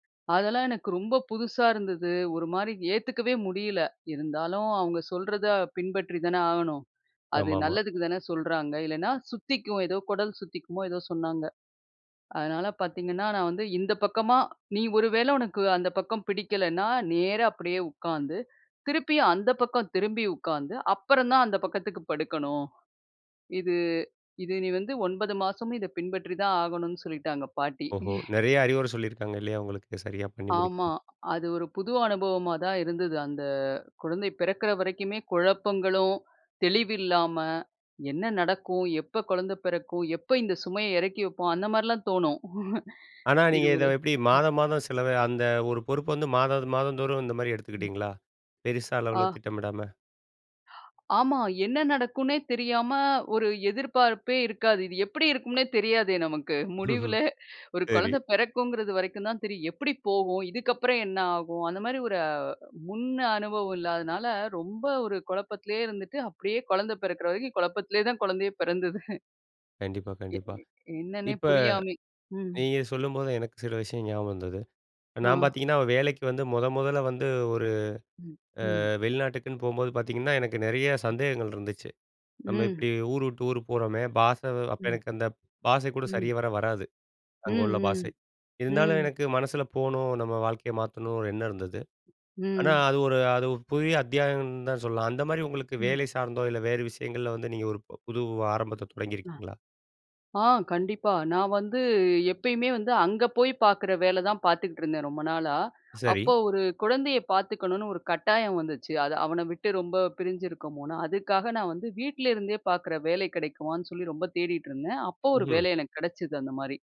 அதெல்லாம் எனக்கு ரொம்ப புதுசா இருந்தது. ஒரு மாரி ஏத்துக்கவே முடியல. இருந்தாலும் அவங்க சொல்றத பின்பற்றி தான ஆகணும்? அது ஆமாமா. நல்லதுக்கு தானே சொல்றாங்க. இல்லனா சுத்திக்கும். ஏதோ கொடல் சுத்திக்குமோ, ஏதோ சொன்னாங்க. அதனால பாத்தீங்கன்னா, நான் வந்து இந்த பக்கமா "நீ ஒருவேள உனக்கு அந்த பக்கம் பிடிக்கலன்னா, நேரா அப்டியே உட்கார்ந்து, திருப்பி அந்த பக்கம் திரும்பி உட்கார்ந்து, அப்பறம் தான் அந்த பக்கத்துக்கு படுக்கணும். இது, இது நீ வந்து 9 மாசமும் இத பின்பற்றி தான் ஆகணும்னு" சொல்லிட்டாங்க பாட்டி. ஓஹோ! நறைய அறிவுர சொல்லிக்காங்க இல்லையா உங்களுக்கு, சரியா பண்ணி ஆமா. முடிக்றதுக்கு? அது ஒரு புது அனுபவமா தான் இருந்தது. அந்த குழந்தை பிறக்குற வரைக்குமே குழப்பங்களும், தெளிவில்லாம, என்ன நடக்கும்? எப்ப குழந்த பெறக்கும்? எப்ப இந்த சுமைய எறக்கி வப்போம்? அந்த மாரிலாம் தோணும். ஆனா, இது நீங்க ஒரு இத எப்டி, ம். மாதம் மாதம், சிலவ அந்த ஒரு பொறுப்பு வந்து மாதம், மாதம் தோறும் இந்த மாரி ம். எடுத்துக்கிட்டீங்களா? பெருசா அளவுல ஆ. திட்டமிடாம. ஆமா. என்ன நடக்கும்னே தெரியாம ஒரு எதிர்பார்ப்பே இருக்காது. இது எப்டி இருக்குன்னே தெரியாதே நமக்கு. முடிவுல, ஒரு சரி. கொழந்த பெறக்குங்கிறது வரைக்கும் தான் தெரியும். எப்டி போகும்? இதுக்கப்புறம் என்ன ஆகும்? அந்த மாரி ஒரு முன் அ அனுபவம் இல்லாதனால ரொம்ப ஒரு குழப்பத்துலயே இருந்துட்டு, அப்டியே கொழந்த பெறக்குற வரைக்கும் கொழப்பத்லயே தான் குழந்தையே பெறந்தது. கண்டிப்பா, எ கண்டிப்பா. எ என்னன்னே இப்ப, புரியாமி ம். நீங்க சொல்லும்போது எனக்கு சில விஷயம் ஞாபகம் வந்தது. நான் ஆ. பாத்தீங்கன்னா, வேலைக்கு வந்து மொத மொதல்ல வந்து, ஒரு ம். அ ம். வெளிநாட்டுக்குன்னு போம்போது பாரத்தீங்கன்னா, எனக்கு நறைய [unintelligible] சந்தேகங்கள் இருந்துச்சு. நம்ம ம். எப்டி ஊர் விட்டு ஊர் போறோமே, பாஷ அப்ப ம். எனக்கு அந்த பாஷை கூட ம் சரிவர வராது. ம், அங்க உள்ள பாஷை. ம். இருந்தாலும் ம். எனக்கு மனசுல போணும், நம்ம வாழ்க்கைய மாத்தணும்ன்னு ஒரு எண்ணம் இருந்தது. ஆனா, ம் அது ஒரு அது ஒரு புதிய அத்தியாயம்ன்னு தான் சொல்லணும். அந்த மாரி உங்களுக்கு ம். வேலை சார்ந்தோ இல்ல வேறு விஷயங்கள்ல வந்து நீங்க ஒரு புது ஆரம்பத்த அ. தொடங்கிருக்கீங்களா? ஆ, கண்டிப்பா. நான் வந்து எப்பயுமே வந்து அங்க போய் பார்க்குற வேல தான் பார்த்துகிட்டுருந்தேன் ரொம்ப நாளா. சரி. அப்பொ ஒரு குழந்தைய பாத்துக்கணும்னு ஒரு கட்டாயம் வந்துச்சு. அதை அவன விட்டு ரொம்ப பிரிஞ்சிருக்கோமோன்னு. அதுக்காக நான் வந்து, வீட்லருந்தே பார்க்குற வேலை கிடைக்குமான்னு சொல்லி ரொம்ப தேடிட்டுருந்தேன். அப்ப ஒரு ம்ஹ்ம். வேலை எனக்கு கெடைச்சது அந்த மாரி.